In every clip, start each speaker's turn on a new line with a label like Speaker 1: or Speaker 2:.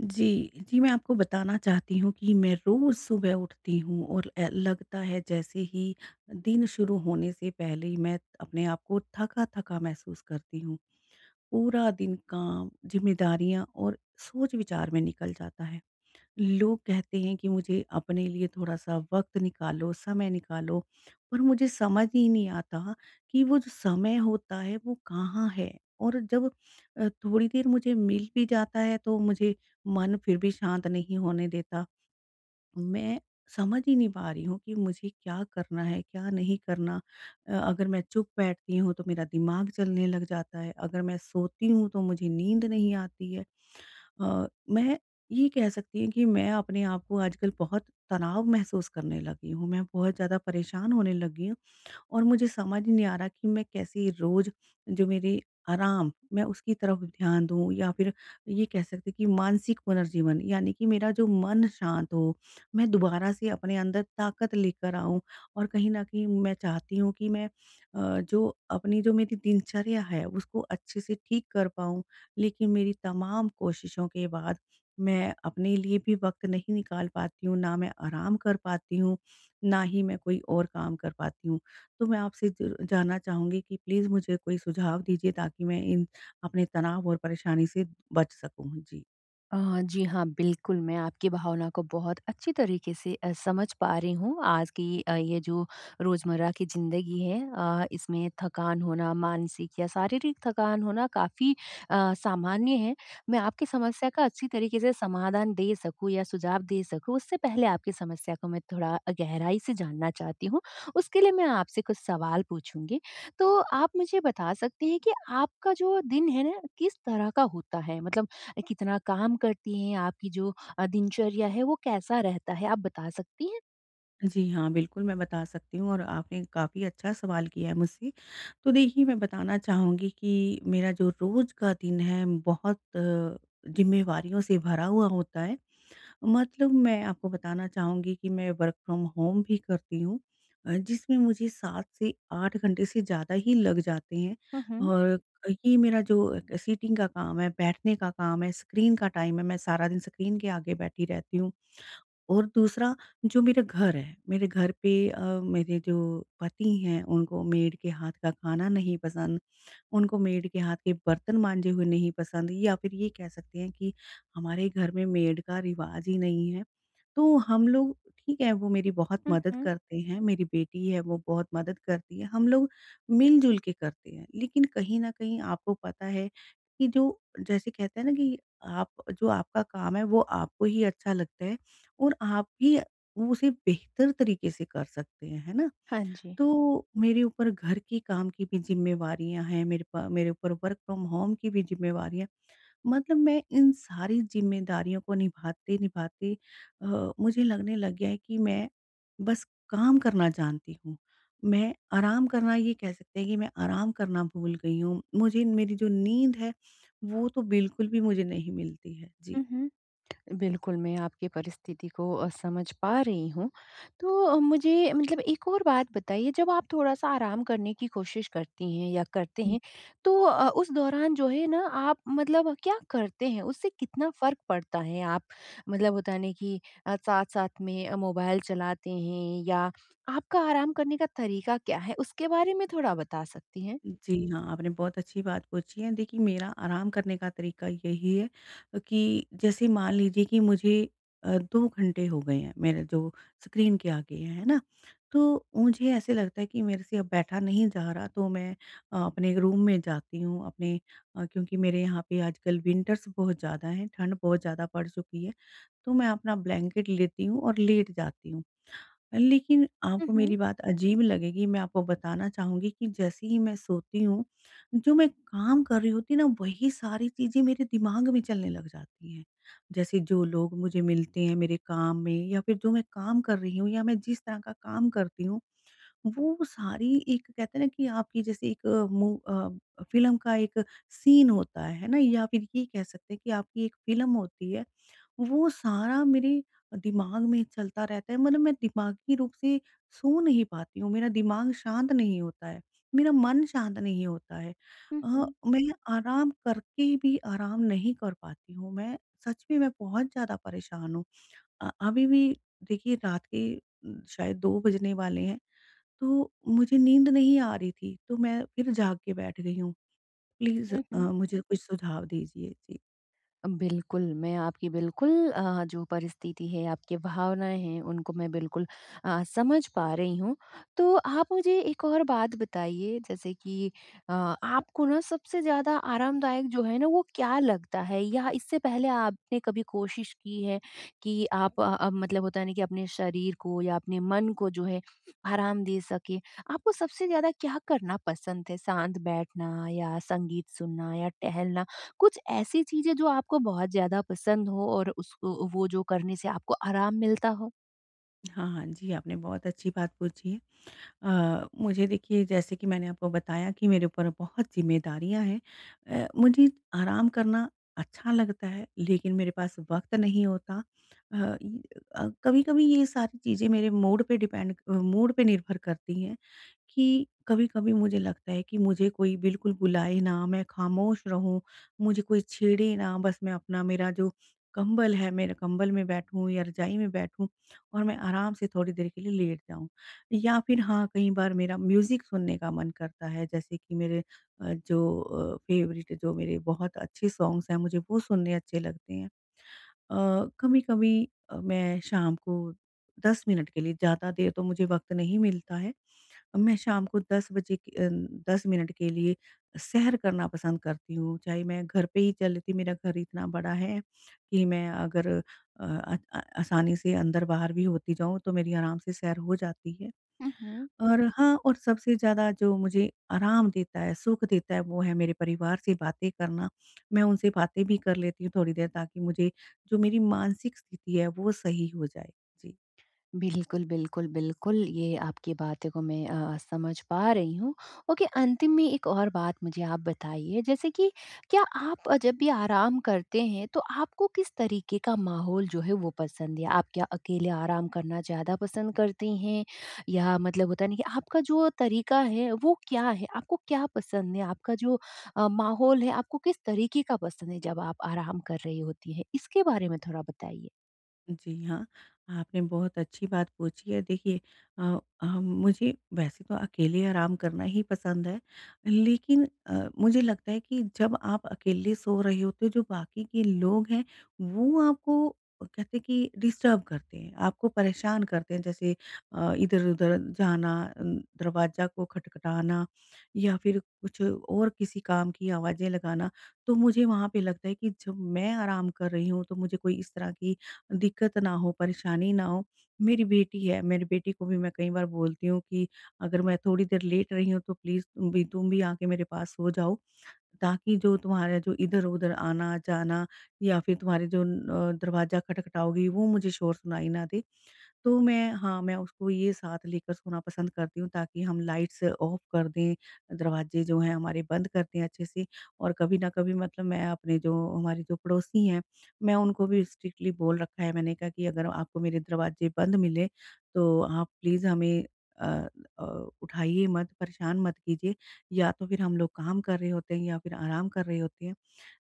Speaker 1: जी। जी, मैं आपको बताना चाहती हूँ कि मैं रोज़ सुबह उठती हूँ और ए लगता है जैसे ही दिन शुरू होने से पहले ही मैं अपने आप को थका-थका महसूस करती हूँ। पूरा दिन काम, ज़िम्मेदारियाँ और सोच-विचार में निकल जाता है। लोग कहते हैं कि मुझे अपने लिए थोड़ा-सा वक़्त निकालो, समय निकालो पर मुझे समझ ही नहीं आता कि वो जो समय होता है वो कहाँ है और जब अ, थोड़ी देर मुझे मिल भी जाता है। तो मुझे मन फ़िर भी शांत नहीं होने देता मैं समझ ही नहीं पा रही हूँ कि मुझे क्या करना है क्या नहीं करना। अ, अगर मैं चुप बैठती हूँ, तो मेरा दिमाग चलने लग जाता है। अगर मैं सोती हूँ तो मुझे नींद नहीं आती है अ, मैं ये कह सकती हूँ कि मैं अपने आप को आजकल बहुत तनाव महसूस करने लगी हूँ मैं बहुत ज़्यादा परेशान होने लगी हूँ। और मुझे समझ ही नहीं आ रहा कि मैं कैसे रोज़ जो मेरी आराम मैं उसकी तरफ़ ध्यान दूँ या फ़िर ये कह सकती हैं कि मानसिक पुनर्जीवन यानी कि मेरा जो मन शांत हो मैं दोबारा से अपने अंदर ताकत लेकर आऊँ और कहीं न कहीं मैं चाहती हूँ कि मैं अ, जो अपनी जो मेरी दिनचर्या है उसको अच्छे से ठीक कर पाऊँ। लेकिन, मेरी तमाम कोशिशों के बाद मैं अपने लिए भी वक़्त नहीं निकाल पाती हूँ ना मैं आराम कर पाती हूँ, ना ही मैं कोई और काम कर पाती हूँ। तो मैं आपसे ज जानना चाहूँगी कि प्लीज़ मुझे कोई सुझाव दीजिए ताकि मैं इन अपने तनाव और परेशानी से बच सकूँ जी।
Speaker 2: अ, जी हाँ, बिल्कुल मैं आपकी भावना को बहुत अच्छी तरीक़े से अ, समझ पा रही हूँ आज की अ, ये जो रोज़मर्रा की ज़िंदगी है अ, इसमें थकान होना मानसिक या शारीरिक थकान होना काफ़ी अ, सामान्य है। मैं आपकी समस्या का अच्छी तरीके से समाधान दे सकूँ या सुझाव दे सकूँ, उससे पहले आपकी समस्या को मैं थोड़ा अ, गहराई से जानना चाहती हूँ, उसके लिए मैं आपसे कुछ सवाल पूछूँगी। तो आप मुझे बता सकती हैं कि आपका जो दिन है ना किस तरह का होता है? मतलब कितना काम करती हैं, आपकी जो अ, दिनचर्या है वो कैसा रहता है, आप बता सकती हैं?
Speaker 1: जी हाँ। बिल्कुल मैं बता सकती हूँ और आपने काफ़ी अच्छा सवाल किया है मुझसे तो देखिए मैं बताना चाहूँगी कि मेरा जो रोज़ का दिन है बहुत, ज़िम्मेवारियों से भरा हुआ होता है। मतलब मैं आपको बताना चाहूँगी कि मैं वर्क़ फ्रॉम होम भी करती हूँ अ, जिसमें मुझे 7 से 8 घंटे से ज़्यादा ही लग जाते हैं
Speaker 2: हुँ, हुँ।
Speaker 1: और ये मेरा जो सिटिंग का काम है, बैठने का काम है, स्क्रीन का टाइम है, मैं सारा दिन स्क्रीन के आगे बैठी रहती हूँ। और दूसरा जो मेरा घर है, मेरे घर पे अ, मेरे जो पति हैं उनको मेड के हाथ का खाना नहीं पसंद, उनको मेड के हाथ के बर्तन माँजे हुए नहीं पसंद या फिर ये कह सकते हैं कि हमारे घर में मेड का रिवाज ही नहीं है। तो हम लोग ठीक है वो मेरी बहुत
Speaker 2: हुँ,
Speaker 1: मदद
Speaker 2: हुँ।
Speaker 1: करते हैं, मेरी बेटी है वो बहुत मदद करती है हम लोग मिलजुल के करते हैं लेकिन कहीं न कहीं आपको पता है कि जो जैसे कहते हैं ना कि आप जो आपका काम है वो आपको ही अच्छा लगता है और आप ही उ उसे बेहतर तरीक़े से कर सकते हैं, है ना?
Speaker 2: हाँ जी।
Speaker 1: तो मेरे ऊपर घर के काम की भी ज़िम्मेवारियों हैं, मेरे प मेरे ऊपर वर्क फ्रॉम होम की भी ज़िम्मेवारियाँ मतलब मैं इन सारी ज़िम्मेदारियों को निभाते-निभाते अ, मुझे लगने लग गया है कि मैं बस काम करना जानती हूँ, मैं आराम करना ये कह सकते हैं कि मैं आराम करना भूल गई हूँ मुझे मेरी जो नींद है वो तो बिल्कुल भी मुझे नहीं मिलती है, जी।
Speaker 2: हुँ, हुँ। बिल्कुल मैं आपकी परिस्थिति को अ, समझ पा रही हूँ तो मुझे मतलब एक और बात बताइए जब आप थोड़ा-सा आराम करने की कोशिश करती हैं या करते
Speaker 1: हुँ।
Speaker 2: हैं तो अ, उस दौरान जो है ना आप मतलब क्या करते हैं, उससे कितना फ़र्क पड़ता है? आप मतलब होता ना की अ, साथ-साथ में अ, मोबाइल चलाते हैं या आपका आराम करने का तरीका क्या है, उसके बारे में थोड़ा बता सकती हैं?
Speaker 1: जी हाँ, आपने बहुत अच्छी बात पूछी है। देखिए मेरा आराम करने का तरीका यही है कि जैसे मान लीजिए कि मुझे अ, 2 घंटे हो गए हैं मेरे जो स्क्रीन के आगे है, है ना? तो मुझे ऐसा लगता है कि मेरे से अब बैठा नहीं जा रहा तो मैं अ, अपने रूम में जाती हूँ, अपने क्योंकि मेरे यहाँ पे आजकल विंटर्स बहुत ज़्यादा हैं, ठंड बहुत ज़्यादा पड़ चुकी है। तो मैं अपना ब्लैंकेट लेती हूँ और लेट जाती हूँ। लेकिन
Speaker 2: उ,
Speaker 1: आपको
Speaker 2: हुँ।
Speaker 1: मेरी बात अजीब लगेगी मैं आपको बताना चाहूँगी कि जैसे ही मैं सोती हूँ, जो मैं काम कर रही होती ना वही सारी चीज़ें मेरे दिमाग में चलने लग जाती हैं। जैसे जो लोग मुझे मिलते हैं मेरे काम में या फिर जो मैं काम कर रही हूँ या मैं जिस तरह का काम करती हूँ वो सारी एक कहते हैं ना, कि आपकी जैसे एक मू अ, फ़िल्म का एक सीन होता है है ना या फिर ये कह सकते हैं कि आपकी एक फ़िल्म होती है वो सारा मेरे दिमाग में चलता रहता है मतलब मैं दिमागी रूप से सो नहीं पाती हूँ, मेरा दिमाग शांत नहीं होता है, मेरा मन शांत नहीं होता है।
Speaker 2: हुँ,
Speaker 1: अ,
Speaker 2: हुँ।
Speaker 1: मैं आराम करके भी आराम नहीं कर पाती हूँ, मैं सच में मैं बहुत ज़्यादा परेशान हूँ। अ, अभी भी देखिए रात के शायद 2 बजने वाले हैं तो मुझे नींद नहीं आ रही थी तो मैं फिर जाग के बैठ गई हूँ। प्लीज़ अ,
Speaker 2: हुँ, हुँ।
Speaker 1: मुझे कुछ सुझाव दीजिए? जी।
Speaker 2: बिल्कुल। मैं आपकी बिल्कुल, अ, जो परिस्थिति है आपकी भावनाएँ हैं उनको मैं बिल्कुल अ, समझ पा रही हूँ। तो आप मुझे एक और बात बताइए जैसे कि अ, आपको ना सबसे ज़्यादा आरामदायक जो है ना वो क्या लगता है? या इससे पहले आपने कभी कोशिश की है कि आप अ अ, मतलब होता है ना कि अपने शरीर को या अपने मन को जो है, आराम दे सकें, आपको सबसे ज़्यादा क्या करना पसंद है? शांत बैठना या संगीत सुनना या टहलना, कुछ ऐसी चीज़ें जो आपको बहुत ज़्यादा पसंद हो और उसको वो जो करने से आपको आराम मिलता हो?
Speaker 1: हाँ, हाँ। जी, आपने बहुत अच्छी बात पूछी। अ, मुझे देखिए जैसे कि मैंने आपको बताया कि मेरे ऊपर बहुत ज़िम्मेदारियाँ हैं, अ, मुझे आराम करना अच्छा लगता है लेकिन मेरे पास वक़्त नहीं होता। अ, इ अ, कभी-कभी ये सारी चीज़ें मेरे मूड पे डिपेंड अ, मूड पे निर्भर करती हैं, कि कभी-कभी मुझे लगता है कि मुझे कोई बिल्कुल बुलाएँ ना, मैं खामोश रहूँ, मुझे कोई छेड़े ना बस मैं अपना मेरा जो कंबल है मेरा कंबल में बैठूँ या रजाई में बैठूँ, और मैं आराम से थोड़ी देर के लिए लेट जाऊँ। या फिर हाँ, कई बार मेरा म्यूजिक सुनने का मन करता है जैसे कि मेरे अ, जो अ, फ़ेवरेट जो मेरे बहुत अच्छे सॉन्ग्स हैं मुझे वो सुनने अच्छे लगते हैं। अ, कभी-कभी अ, मैं शाम को 10 मिनट के लिए ज़्यादा देर तो मुझे वक़्त नहीं मिलता है, मैं शाम को 10 बजे क अ, 10 मिनट के लिए सैर करना पसंद करती हूँ, चाहे मैं घर पे ही चल लेती मेरा घर इतना बड़ा है, कि मैं अगर अ अ, आसानी से अंदर-बाहर भी होती जाऊँ तो मेरी आराम से सैर हो जाती है।
Speaker 2: हुँ, हुँ।
Speaker 1: और हाँ, और सबसे ज़्यादा जो मुझे आराम देता है सुख देता है वो है मेरे परिवार से बातें करना, मैं उनसे बातें भी कर लेती हूँ थोड़ी देर ताकि मुझे जो मेरी मानसिक स्थिति है वो सही हो जाए। जी।
Speaker 2: बिल्कुल, बिल्कुल, बिल्कुल, ये आपकी बातों को मैं अ, समझ पा रही हूँ। ओके अंतिम में 1 और बात मुझे आप बताइए, जैसे कि क्या आप जब भी आराम करते हैं तो आपको किस तरीके का माहौल जो है वो पसंद है? आप क्या अकेले आराम करना ज़्यादा पसंद करती हैं, या मतलब होता है ना कि आपका जो तरीका है वो क्या है, आपको क्या पसंद है? आपका जो अ, माहौल है आपको किस तरीके का पसंद है जब आप आराम कर रही होती हैं? इसके बारे में थोड़ा बताइए।
Speaker 1: जी हाँ, आपने बहुत अच्छी बात पूछी है। देखिए अ, हम मुझे वैसे तो अकेले आराम करना ही पसंद है, लेकिन अ, मुझे लगता है कि जब आप अकेले सो रहे होते हो जो बाक़ी के लोग हैं, वो आपको कहते हैं कि डिस्टर्ब करते हैं, आपको परेशान करते हैं, जैसे अ, इधर-उधर जाना अ, दरवाज़ा को खटखटाना या फिर कुछ और किसी काम की आवाज़ें लगाना। तो मुझे वहाँ पे लगता है कि जब मैं आराम कर रही हूँ तो मुझे कोई इस तरह की दिक्क़त ना हो परेशानी ना हो, मेरी बेटी है, मेरी बेटी को भी मैं कई बार बोलती हूँ कि अगर मैं थोड़ी देर लेट रही हूँ तो प्लीज़ तुम भी तुम भी आ के मेरे पास सो जाओ, ताकि जो तुम्हारा जो इधर-उधर आना-जाना या फिर तुम्हारे जो अ, दरवाज़ा खटखटाओगी वो मुझे शोर सुनाई ना दे। तो मैं हाँ मैं उसको ये साथ लेकर सोना पसंद करती हूँ ताकि हम लाइट्स ऑफ़ कर दें, दरवाज़े जो हैं हमारे बंद कर दें अच्छे से और कभी न कभी मतलब मैं अपने जो हमारे जो पड़ोसी हैं, मैं उनको भी स्ट्रिक्टली बोल रखा है मैंने कहा कि अगर आपको मेरे दरवाजे बंद मिले, तो आप प्लीज़ हमें अ अ, उठाइए मत, परेशान मत कीजिए या तो फिर हम लोग काम कर रहे होते हैं या फिर आराम कर रहे होते हैं।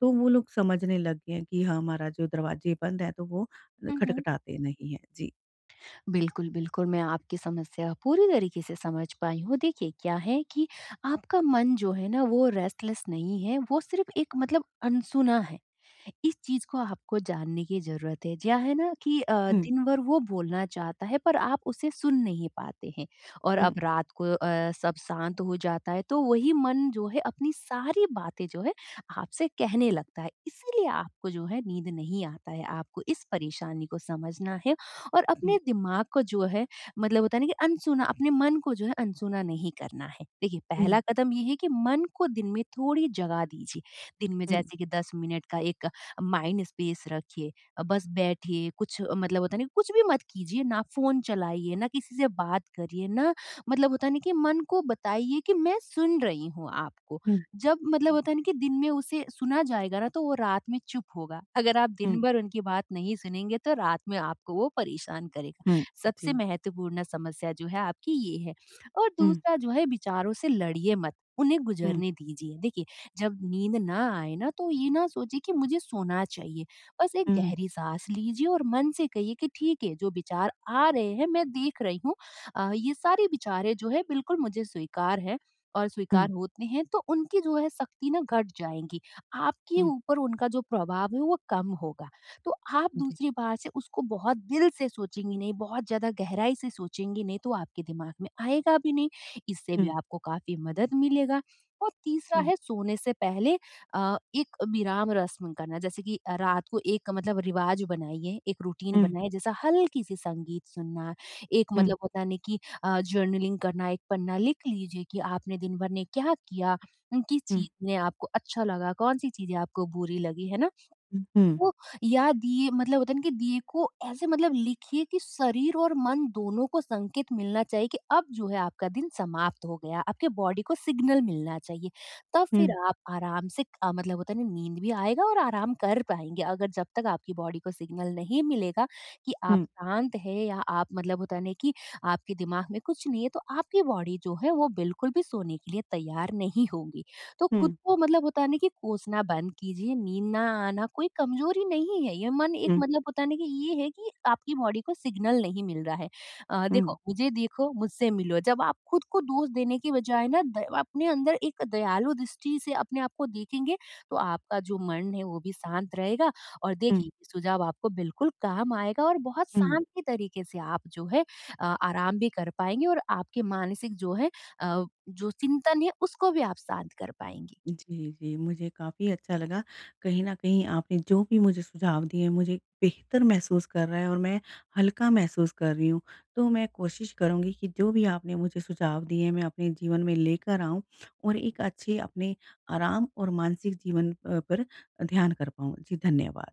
Speaker 1: तो वो लोग समझने लग गए हैं कि हाँ, हमारा जो दरवाजे बंद है, तो वो
Speaker 2: हुँ, हुँ।
Speaker 1: खटखटाते नहीं हैं। जी।
Speaker 2: बिल्कुल, बिल्कुल मैं आपकी समस्या पूरी तरीके से समझ पाई हूँ। देखिए क्या है कि आपका मन जो है ना वो रेस्टलेस नहीं है, वो सिर्फ़ एक मतलब अनसुना है। इस चीज़ को आपको जानने की ज़रूरत है, क्या है ना कि अ,
Speaker 1: हुँ।
Speaker 2: दिन भर वो बोलना चाहता है पर आप उसे सुन नहीं पाते हैं। और अब
Speaker 1: हुँ।
Speaker 2: रात को अ, सब शांत हो जाता है तो वही मन जो है अपनी सारी बातें जो है आपसे कहने लगता है। इसीलिए आपको जो है नींद नहीं आता है। आपको इस परेशानी को समझना है और अपने
Speaker 1: हुँ।
Speaker 2: दिमाग को जो है मतलब होता है ना कि अनसुना अपने मन को जो है अनसुना नहीं करना है। देखिए पहला
Speaker 1: हुँ।
Speaker 2: कदम ये है कि मन को दिन में थोड़ी जगह दीजिए दिन में
Speaker 1: हुँ।
Speaker 2: जैसे कि 10 मिनट का एक माइंड स्पेस रखिए, अ, बस बैठिए, कुछ अ, मतलब होता है ना कुछ भी मत कीजिए ना फ़ोन चलाइए, ना किसी से बात करिए ना मतलब होता है ना कि मन को बताइए कि मैं सुन रही हूँ आपको।
Speaker 1: हुँ।
Speaker 2: जब मतलब होता है ना कि दिन में उसे सुना जाएगा ना तो वो रात में चुप होगा अगर आप दिन
Speaker 1: हुँ।
Speaker 2: भर उनकी बात नहीं सुनेंगे तो रात में आपको वो परेशान करेगा।
Speaker 1: हुँ,
Speaker 2: सबसे
Speaker 1: जी।
Speaker 2: महत्वपूर्ण समस्या जो है आपकी ये है और
Speaker 1: हुँ।
Speaker 2: दूसरा जो है विचारों से लड़िए मत उन्हें
Speaker 1: हुँ।
Speaker 2: गुज़रने दीजिए। देखिए जब नींद ना आए ना तो ये ना सोचिए कि मुझे सोना चाहिए बस 1
Speaker 1: हुँ।
Speaker 2: गहरी साँस लीजिए और मन से कहिए कि ठीक है जो विचार आ रहे हैं, मैं देख रही हूँ अ, ये सारी विचारे जो है बिल्कुल मुझे स्वीकार हैं और
Speaker 1: हुँ।
Speaker 2: स्वीकार होते हैं तो उनकी जो है सख्ती ना घट जाएगी। आपके
Speaker 1: हुँ।
Speaker 2: ऊपर उनका जो प्रभाव है वो कम होगा। तो आप
Speaker 1: जी।
Speaker 2: दूसरी बात से उसको बहुत दिल से सोचेंगी नहीं बहुत ज़्यादा गहराई से सोचेंगी नहीं तो आपके दिमाग में आएगा भी नहीं। इससे भी
Speaker 1: हुँ।
Speaker 2: आपको काफ़ी मदद मिलेगा और तीसरा
Speaker 1: हुँ।
Speaker 2: है सोने से पहले अ, एक विराम रस्म करना जैसे कि रात को एक मतलब रिवाज़ बनाइए, एक रूटीन
Speaker 1: हुँ।
Speaker 2: बनाए जैसा हल्की-सी संगीत सुनना एक
Speaker 1: हुँ।
Speaker 2: मतलब होता है ना कि अ, जर्नलिंग करना एक पन्ना लिख लीजिए कि आपने दिन भर में क्या किया, उम, किस
Speaker 1: हुँ।
Speaker 2: चीज़ में आपको अच्छा लगा कौन-सी चीज़ें आपको बुरी लगी है ना।
Speaker 1: उ, हुँ।
Speaker 2: तो या दिए मतलब होता है ना कि दिए को ऐसे मतलब लिखिए कि शरीर और मन दोनों को संकेत मिलना चाहिए कि अब जो है आपका दिन समाप्त हो गया। आपकी बॉडी को सिग्नल मिलना चाहिए। तब फ़िर
Speaker 1: हुँ।
Speaker 2: आप आराम से अ, मतलब होता है नींद भी आएगा और आराम कर पाएँगे। अगर जब तक आपकी बॉडी को सिग्नल नहीं मिलेगा कि आप
Speaker 1: हुँ।
Speaker 2: शांत हैं या आप मतलब होता नहीं कि आपके दिमाग में कुछ नहीं है तो आपकी बॉडी जो है वो बिल्कुल भी सोने के लिए तैयार नहीं होगी। तो ख़ुद
Speaker 1: हुँ।
Speaker 2: को मतलब होता है ना कि कोसना बंद कीजिए नींद ना आना कोई कमज़ोरी नहीं है ये मन एक
Speaker 1: हुँ।
Speaker 2: मतलब होता है न की ये है कि आपकी बॉडी को सिग्नल नहीं मिल रहा है अ, देखो
Speaker 1: हुँ।
Speaker 2: मुझे देखो मुझसे मिलो जब आप ख़ुद को दोष देने की बजाय ना द अपने अंदर एक दयालु दृष्टि से अपने आप को देखेंगे तो आपका जो मन है वो भी शांत रहेगा और
Speaker 1: हुँ।
Speaker 2: देखिए सुझाव आपको बिल्कुल काम आएगा और बहुत
Speaker 1: हुँ।
Speaker 2: शांत तरीके से आप जो है अ, आराम भी कर पाएँगे और आपके मानसिक जो है अ, जो चिंतन है उसको भी आप शांत कर पाएँगे।
Speaker 1: जी, जी। मुझे काफ़ी अच्छा लगा कहीं न कहीं आपने जो भी मुझे सुझाव दिए। मुझे बेहतर महसूस कर रहा है और मैं हल्का महसूस कर रही हूँ तो मैं कोशिश करूँगी कि जो भी आपने मुझे सुझाव दिए हैं मैं अपने जीवन में लेकर आऊँ और एक अच्छे अपने आराम और मानसिक जीवन प पर ध्यान कर पाऊँ। जी, धन्यवाद।